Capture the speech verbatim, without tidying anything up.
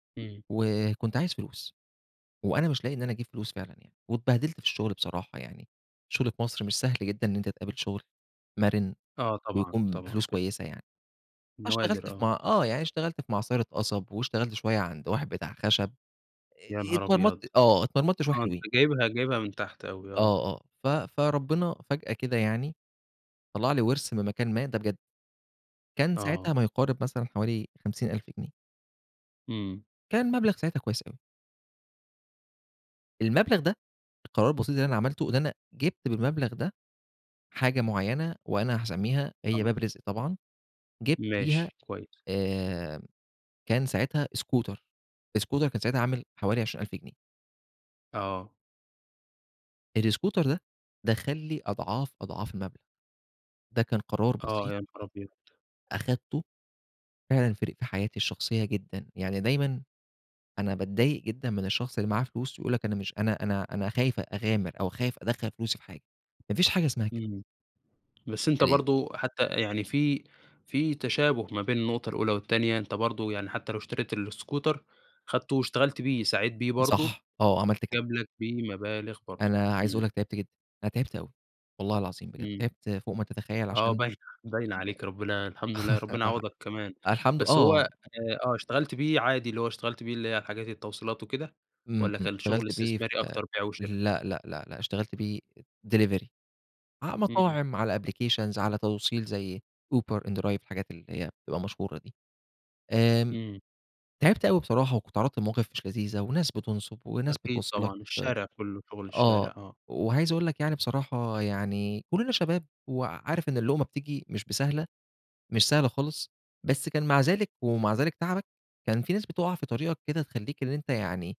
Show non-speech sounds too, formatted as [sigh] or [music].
امم. وكنت عايز فلوس، وأنا مش لاقي إن أنا أجيب فلوس فعلًا يعني، واتبهدلت في الشغل بصراحة يعني. الشغل في مصر مش سهل جدًا إن أنتَ تقابل شغل، مَرِن آه طبعًا ويكون طبعًا بفلوس ف كويسة يعني. أنا نوادر اشتغلت في آه. مع آه يعني اشتغلت في معصرة قصب، واشتغلت شوية عند واحد بتاع خشب. إ يانهار اتمرمطت أبيض! آه اتمرمطت شوية آه أنتَ حلوين. جايبها جايبها من تحت أوي آه. آه، آه. ف فربنا فجأة كده يعني. طلَّع لي ورث من مكان ما، ده بجد. كان ساعتها آه. ما يقارب مثلًا حوالي خمسين ألف جنيه. امم. كان مبلغ ساعتها كويس أوي. المبلغ ده القرار البسيط اللي أنا عملته إن أنا جِبت بالمبلغ ده. حاجة معينة وأنا هاسميها آه. هي باب رزق طبعًا جِبت بيها ماشي كويس. آآ، كان ساعتها scooter الscooter كان ساعتها عامل حوالي عشرين ألف جنيه. آه. الscooter ده دخَّل لي أضعاف، أضعاف المبلغ. ده كان قرار آه بسيط يانهار أبيض! أخدته فعلًا فرَق حياتي الشخصية جدًا، يعني دايمًا أنا باتضايق جدًا من الشخص اللي معاه فلوس يقول لَك أنا مش أنا أنا أنا خايف أ أغامر أو خايف أدخَّل فلوسي في حاجة. مافيش حاجة إسمها كده. امم، بس أنتَ [unintelligible] برضه حتى يعني في في تشابه ما بين النقطة الأولى والتانية، أنتَ برضو يعني حتى لو اشتريت الإسكوتر، خدته واشتغلت بيه سعيت بيه برضو صح، آه عملت كده. جاب لَك بيه مبالغ برضه. أنا عايز أقول امم. لَك تعبت جدًا، أنا تعبت أوي. والله العظيم بجد امم. تعبت فوق ما تتخيّل آه عشان باينة باينة عليك ربنا أ الحمد لله [chuckles] ربنا [unintelligible] يعوضك كمان. الحمد آه، بس هو آه. آآ آه اشتغلت بيه عادي اللي هو اشتغلت بيه اللي هي الحاجات التوصيلات وكده؟ امم، والّا امم كان شغل .اشتغلت بيه ف استثماري أكتر بيع وشرا؟ لأ، لأ، لأ، لأ، اشتغلت بيه delivery ع امم. مطاعم، على applications على توصيل زي In-drive ،Uber، الحاجات اللي هي بتبقى مشهورة دي. آمم امم. تعبت أوي بصراحة، وكنت اتعرضت لمواقف مش لذيذة، وناس بتنصب، وناس أكيد بتبص لَك طبعًا الشارع كله، شغل آآ آه. الشارع آه. وعايز أقول لك يعني بصراحة يعني كلنا شباب، وعارف إن اللقمة بتيجي مش بسهلة، مش سهلة خالص. بس كان مع ذلك ومع ذلك تعبك كان في ناس بتُقَع في طريقك كده تخليك إن أنتَ يعني